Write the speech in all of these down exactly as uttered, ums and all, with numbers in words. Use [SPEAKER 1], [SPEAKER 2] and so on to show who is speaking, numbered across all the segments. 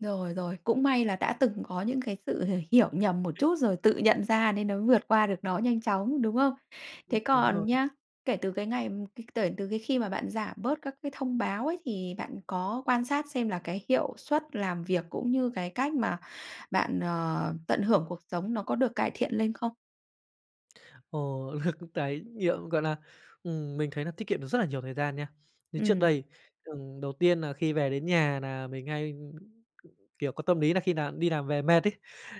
[SPEAKER 1] Rồi, rồi. Cũng may là đã từng có những cái sự h hiểu nhầm một chút rồi tự nhận ra nên mới vượt qua được nó nhanh chóng, đúng không?
[SPEAKER 2] Ưm,
[SPEAKER 1] Thế
[SPEAKER 2] đúng rồi.
[SPEAKER 1] còn nhá, kể từ cái ngày tể từ cái khi mà bạn giảm bớt các cái thông báo ấy, thì bạn có quan sát xem là cái hiệu suất làm việc cũng như cái cách mà bạn, ờ, tận hưởng cuộc sống nó có được cải thiện lên không?
[SPEAKER 2] Ồ, [unintelligible] tái nhiệm, gọi là, ừm, mình thấy nà tiết kiệm được rất là nhiều thời gian nha. Như trước
[SPEAKER 1] Ừm.
[SPEAKER 2] đây, ừm, đầu tiên nà khi về đến nhà nà mình hay, kiểu, có tâm lý là khi nào đi làm về mệt ấy,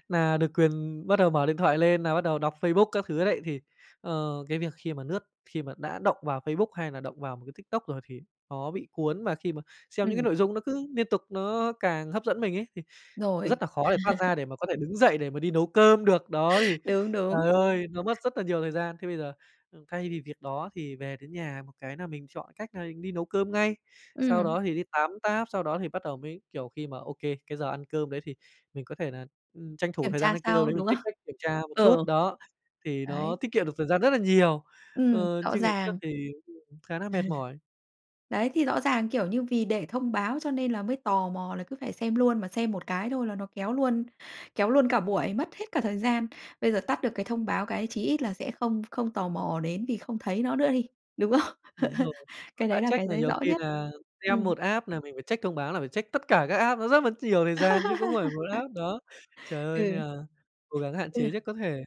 [SPEAKER 2] nà được quyền bắt đầu mở điện thoại lên nà bắt đầu đọc Facebook các thứ đấy thì, ờ, cái việc khi mà nướt, khi mà đã động vào Facebook hay là động vào một cái TikTok rồi thì nó bị cuốn mà khi mà xem những cái
[SPEAKER 1] Ừm.
[SPEAKER 2] nội dung nó cứ niên tục nó càng hấp dẫn mình ấy thì
[SPEAKER 1] Rồi.
[SPEAKER 2] rất là khó để thoát ra để mà có thể đứng dậy để mà đi nấu cơm được. Đó thì,
[SPEAKER 1] Đúng, đúng.
[SPEAKER 2] trời ơi nó mất rất là nhiều thời gian. Thế bây giờ thay vì việc đó thì về đến nhà một cái nà mình chọn cách nà ni nấu cơm ngay sau
[SPEAKER 1] Ừm.
[SPEAKER 2] đó thì đi tắm táp, sau đó thì bắt đầu mới, kiểu, khi mà ô kê cái giờ ăn cơm đấy thì mình có thể nà, ư, tranh thủ
[SPEAKER 1] Kiểm
[SPEAKER 2] thời gian
[SPEAKER 1] tra
[SPEAKER 2] ăn cơm
[SPEAKER 1] sau,
[SPEAKER 2] đấy mình
[SPEAKER 1] đúng không?
[SPEAKER 2] check, check, kiểm tra một chút,
[SPEAKER 1] Ờ.
[SPEAKER 2] đó, thì nó
[SPEAKER 1] Đấy.
[SPEAKER 2] tiết kiệm được thời gian rất là nhiều.
[SPEAKER 1] Ừm,
[SPEAKER 2] Ờ,
[SPEAKER 1] rõ
[SPEAKER 2] chứ ngày trước
[SPEAKER 1] ràng.
[SPEAKER 2] thì [unintelligible] khá nà mệt mỏi.
[SPEAKER 1] Đấy, thì rõ ràng, kiểu, như vì để thông báo cho nên là mới tò mò là cứ phải xem luôn, mà xem một cái thôi là nó kéo luôn kéo luôn cả buổi, mất hết cả thời gian. Bây giờ tắt được cái thông báo cái chí ít là sẽ không không tò mò đến vì không thấy nó nữa đi, đúng không?
[SPEAKER 2] Đúng rồi, mà
[SPEAKER 1] Cái
[SPEAKER 2] đã
[SPEAKER 1] đấy là
[SPEAKER 2] check
[SPEAKER 1] cái
[SPEAKER 2] là
[SPEAKER 1] giấy
[SPEAKER 2] nhiều
[SPEAKER 1] rõ
[SPEAKER 2] khi
[SPEAKER 1] nhất.
[SPEAKER 2] là xem
[SPEAKER 1] Ừm.
[SPEAKER 2] một app là mình phải check thông báo là phải check tất cả các app nó rất mất nhiều thời gian chứ không phải một app đó. Trời ơi nên
[SPEAKER 1] Ừ.
[SPEAKER 2] là cố gắng hạn chế
[SPEAKER 1] Ừ.
[SPEAKER 2] nhất có thể.